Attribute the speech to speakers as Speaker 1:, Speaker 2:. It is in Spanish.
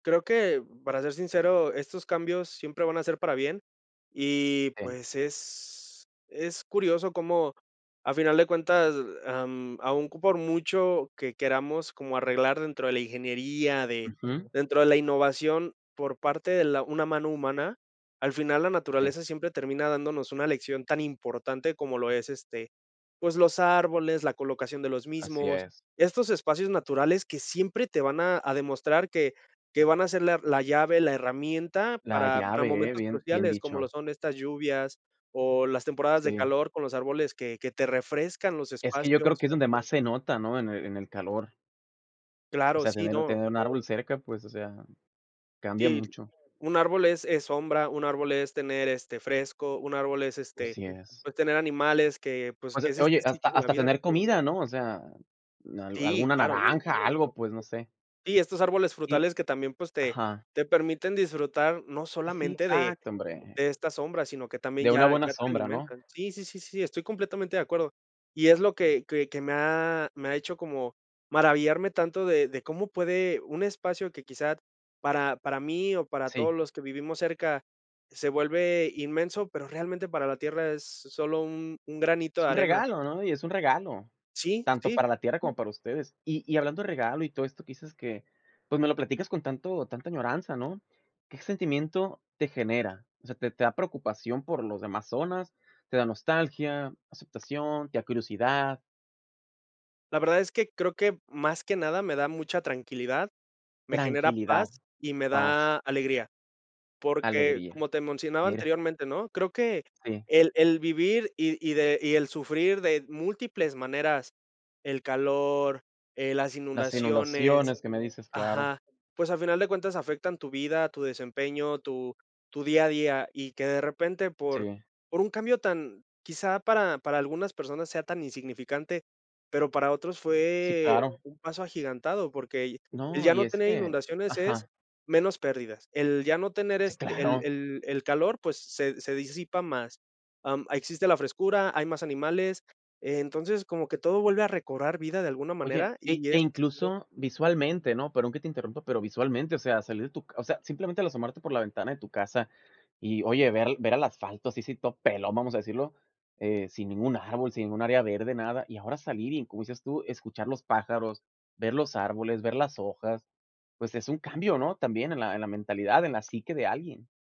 Speaker 1: Creo que, para ser sincero, estos cambios siempre van a ser para bien y,
Speaker 2: En
Speaker 1: pues, es es curioso cómo, a final de cuentas, am, aún por mucho que queramos como arreglar dentro de la ingeniería, de
Speaker 2: Ujú.
Speaker 1: dentro de la innovación por parte de la una mano humana, al final la
Speaker 2: Eh.
Speaker 1: naturaleza siempre termina dándonos una lección tan importante como lo es, este, pues, los árboles, la colocación de los
Speaker 2: Así
Speaker 1: mismos.
Speaker 2: es.
Speaker 1: Estos espacios naturales que siempre te van a a demostrar que que van a ser la la llave, la herramienta
Speaker 2: La
Speaker 1: para para
Speaker 2: llave, ¿eh?
Speaker 1: momentos
Speaker 2: Bien bien
Speaker 1: cruciales, como lo
Speaker 2: dicho.
Speaker 1: son estas lluvias o las temporadas
Speaker 2: Está
Speaker 1: de
Speaker 2: bien.
Speaker 1: calor con los árboles que que te refrescan los
Speaker 2: Es que yo creo
Speaker 1: espacios.
Speaker 2: que es donde más se nota, ¿no? En el en el calor. O
Speaker 1: Claro,
Speaker 2: sea,
Speaker 1: sí,
Speaker 2: tener
Speaker 1: no.
Speaker 2: tener un árbol cerca, pues, o sea, cambia
Speaker 1: Sí,
Speaker 2: mucho.
Speaker 1: un árbol es es sombra. Un árbol es tener, este, fresco. Un árbol es, este,
Speaker 2: Así es.
Speaker 1: tener, pues, animales que, pues,
Speaker 2: O
Speaker 1: que
Speaker 2: sea
Speaker 1: es
Speaker 2: oye,
Speaker 1: este ciclo
Speaker 2: hasta
Speaker 1: de la
Speaker 2: hasta
Speaker 1: vida.
Speaker 2: tener comida, ¿no? O sea, al
Speaker 1: Sí,
Speaker 2: alguna
Speaker 1: claro, por
Speaker 2: naranja,
Speaker 1: supuesto.
Speaker 2: algo, pues, no sé.
Speaker 1: Sí, estos árboles
Speaker 2: Sí.
Speaker 1: frutales que también, pues, te
Speaker 2: Ajá.
Speaker 1: te permiten disfrutar no
Speaker 2: Sí,
Speaker 1: solamente de
Speaker 2: exacto, hombre.
Speaker 1: de esta sombra, sino que también
Speaker 2: De una
Speaker 1: ya
Speaker 2: buena
Speaker 1: ya te
Speaker 2: sombra, ¿no?
Speaker 1: alimentan. Sí, sí, sí, sí, estoy completamente de acuerdo. Y es lo que que que me ha me ha hecho como maravillarme tanto de de cómo puede un espacio, que quizá, para para mí o para todos
Speaker 2: Sí.
Speaker 1: los que vivimos cerca, se vuelve inmenso, pero realmente para la tierra es solo un un granito
Speaker 2: Es
Speaker 1: de
Speaker 2: un
Speaker 1: arena.
Speaker 2: regalo, ¿no? Y es un regalo,
Speaker 1: Sí,
Speaker 2: tanto
Speaker 1: sí.
Speaker 2: para la tierra como para ustedes. Y y hablando de regalo y todo esto que dices que, pues me lo platicas con tanto tanta añoranza, ¿no? ¿Qué sentimiento te genera? O sea, ¿te te da preocupación por los demás zonas? ¿Te da nostalgia, aceptación, te da curiosidad?
Speaker 1: La verdad es que creo que más que nada me da mucha tranquilidad, me genera
Speaker 2: Tranquilidad,
Speaker 1: paz y me
Speaker 2: paz.
Speaker 1: da alegría. Porque,
Speaker 2: Alegría,
Speaker 1: como te mencionaba
Speaker 2: mira.
Speaker 1: anteriormente, ¿no? Creo que
Speaker 2: Sí.
Speaker 1: el el vivir y y de y el sufrir de múltiples maneras, el calor, eh, las
Speaker 2: Las
Speaker 1: inundaciones
Speaker 2: inundaciones que me dices, claro.
Speaker 1: ajá. Pues, a final de cuentas, afectan tu vida, tu desempeño, tu tu día a día y que de repente, por
Speaker 2: Sí.
Speaker 1: por un cambio tan, quizá, para para algunas personas sea tan insignificante, pero para otros
Speaker 2: Sí,
Speaker 1: fue
Speaker 2: claro.
Speaker 1: un paso agigantado, porque el
Speaker 2: No,
Speaker 1: ya
Speaker 2: y
Speaker 1: no
Speaker 2: es
Speaker 1: tener
Speaker 2: que
Speaker 1: inundaciones es
Speaker 2: ajá.
Speaker 1: menos pérdidas. El ya no tener,
Speaker 2: Sí
Speaker 1: este, el
Speaker 2: claro,
Speaker 1: el el calor, pues, se se disipa más. Em, existe la frescura, hay más animales, entonces, como que todo vuelve a recobrar vida de alguna
Speaker 2: Oye,
Speaker 1: manera
Speaker 2: e
Speaker 1: y
Speaker 2: e
Speaker 1: es
Speaker 2: incluso visualmente, ¿no? Perdón que te interrumpa, pero visualmente, o sea, salir de tu ca o sea, simplemente al asomarte por la ventana de tu casa. Y oye, ver ver al asfalto así así todo pelón, vamos a decirlo, eh, sin ningún árbol, sin ningún área verde, nada y ahora salir y, como dices tú, escuchar los pájaros, ver los árboles, ver las hojas, pues es un cambio, ¿no? También en la en la mentalidad, en la psique de alguien.